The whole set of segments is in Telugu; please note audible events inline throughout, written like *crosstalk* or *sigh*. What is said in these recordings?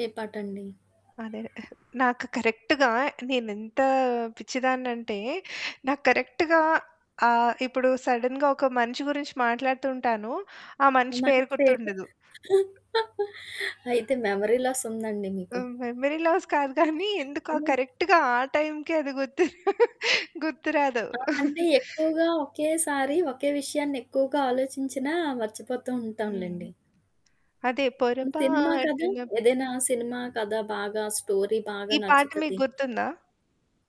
ఏ పాటండి? అదే. ఆహ్, నాకు కరెక్ట్‌గా నేనెంత పిచ్చిదాన్నంటే, నాకు కరెక్ట్‌గా ఆహ్, ఇప్పుడు సడెన్‌గా ఒక మనిషి గురించి మాట్లాడుతూ ఉంటాను. ఆ మనిషి మనిషి పేరు పేరు. గుర్తుండదు. *giggles* అయితే మెమరీ లాసుందండి మీకు? హ్మ్, మెమరీ లాస్ కాదు *giggles* గానీ ఎందుకో హ్మ్. కరెక్ట్‌గా ఆ టైంకే అది గుర్తు *giggles* గుర్తు రాదు. ఆ! అంటే *giggles* ఎక్కువగా ఒకేసారి ఒకే విషయాన్ని ఎక్కువగా ఆలోచించినా మర్చిపోతూ హ్మ్. ఉంటాంలెండి. అదే, హ్మ్, సినిమా కథా పొరపాటున ఏదైనా సినిమా కథ బాగా స్టోరీ బాగా ఈ పాట మీకు నచ్చుతది. గుర్తుందా?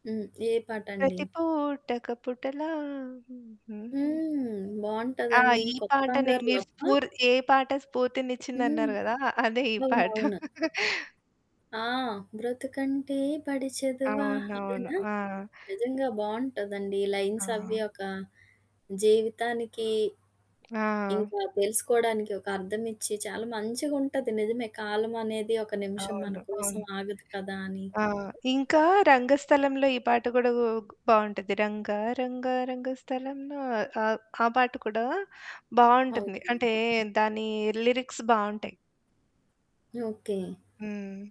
హ్మ్. ఏ పాటండి? ప్రతిపూటొక పుటలా *humming* హుహుహు. హ్మ్. ఆ! బావుంటదండి. ఈ కొత్త పాటనే బంగారు మీరు లోకమా? స్ఫూర్ ఏ పాట హ్మ్. స్ఫూర్తినిచ్చిందన్నారు కదా! అదే ఈ పాట. అవునవును. *giggles* ఆ! బ్రతుకంటే బడి చదువా? అవునవును. ఇదేనా? ఆ! నిజంగా బావుంటదండి. ఆ! లైన్సవ్వి ఒక, జీవితానికి, ఆ! ఇంకా తెలుసుకోడానికి ఒక అర్థమిచ్చి చాలా మంచిగుంటది. నిజమే 'కాలం అనేది ఒక నిమిషం మన అవును. కోసం అవును. ఆగదు కదా!' అని. ఆ! ఇంకా రంగస్థలంలో ఈ పాట గూడా ఓగ్ బావుంటది. రంగా రంగా రంగ స్థలంలో ఆహ్, ఆ పాట కూడా బావుంటుంది. అవుతుంది. అంటే, దానీ లిరిక్స్ బావుంటాయి. ఓకే. హ్మ్.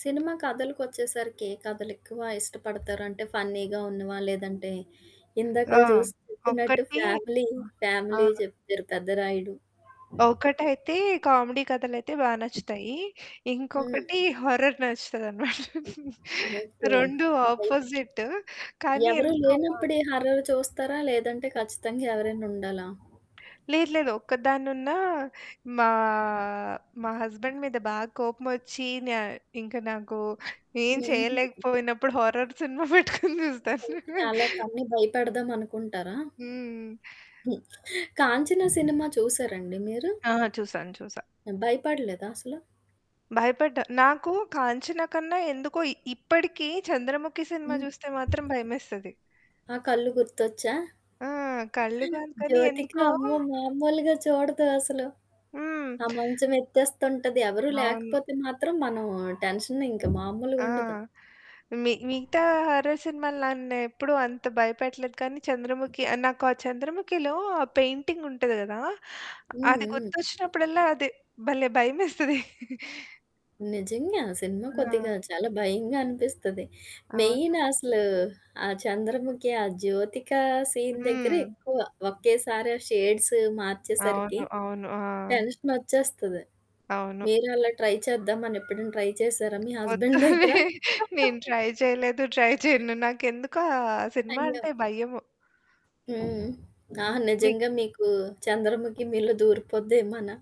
సినిమా కథలకొచ్చేసరికి ఏ కథలెక్కువ ఇష్టపడతారు? అంటే ఫన్నీగా ఉన్నవా? లేదంటే ఆ! ఇందాకల చూసి చెప్పినట్టు ఒకటీ ఫ్యామిలీ, ఫ్యామిలీ ఆ! చెప్పారు 'పెద్దరాయుడు.' ఒకటైతే కామెడీ కథలైతే బాగా నచ్చుతాయి. హ్మ్. ఇంకొకటి హార్రర్ నచ్చుతదనమాట. *giggles* ఓకే. రెండూ భయం ఆపోజిట్, కానీ ఎవరు ఎందుకో గాని లేనప్పుడు ఈ హర్రర్ చూస్తారా? లేదంటే ఖచ్చితంగా ఎవరైనుండాలా? లేదు లేదు. ఒక్కదాన్నున్నా, మా, మా హస్బెండ్ మీద బాగా కోపమొచ్చి నా ఇంక నాకు ఏం హుహు. చేయలేకపోయినప్పుడు హార్రర్ సినిమా పెట్టుకొని *giggles* చూస్తాను. ఓకే. అలా తనని భయపెడదామనుకుంటారా? హ్మ్. హ్మ్. *giggles* 'కాంచన' సినిమా చూసారా అండి మీరు? ఆ! చూసాను. చూసా. భయపడలేదా అసలు? భయపడ్డా! నాకు 'కాంచన' కన్నా ఎందుకో ఇ ఇప్పటికి 'చంద్రముఖి' సినిమా హ్మ్. చూస్తే మాత్రం భయమేస్తది. ఆ కళ్ళు గుర్తొచ్చా? ఆ! కళ్ళు కాదు కానీ జ్యోతిక ఎందుకో అమ్మో మామూలుగా చూడదు అసలు. హ్మ్. ఆ మంచం ఎత్తేస్తుంటది. ఎవరు అవును. లేకపోతే మాత్రం మనం టెన్షన్ ఇంక ఆ! మామూలుగుండదు. మి మిగతా హర్రర్ సినిమాలు నన్నెప్పుడూ అంత భయపెట్టలేదు కానీ 'చంద్రముఖి' ఆహ్, నాకు ఆ 'చంద్రముఖిలో' ఆ పెయింటింగుంటది గదా! హ్మ్. అది హ్మ్. గుర్తొచ్చినప్పుడల్లా అది భలే! భయమేస్తది. *giggles* నిజంగా, సినిమా కొద్దిగా ఆ! చాలా భయంగా అనిపిస్తది. అవును. మెయిన్ అసలు, ఆ 'చంద్రముఖి', ఆ జ్యోతిక సీన్ దగ్గరే హ్మ్. ఎక్కువ ఒకేసారి ఆ షేడ్స్ మార్చేసరికి అవును. అవును. ఆ! టెన్షనొచ్చేస్తది. అవును. మీరు అలా ట్రై చేద్దామని ఎప్పుడైనా ట్రై చేశారా? మీ వద్దు. హస్బెండ్ దగ్గర. *giggles* నేను ట్రై చేయలేదు. ట్రై *chuckles* చేయను. నాకెందుకో ఆ సినిమా అయ్యో! అంటే భయము. హ్మ్. ఆ! హ్మ్. మీకు నిజంగా మీకు 'చంద్రముఖి' మీలో దూరిపోద్దేమొ అనా?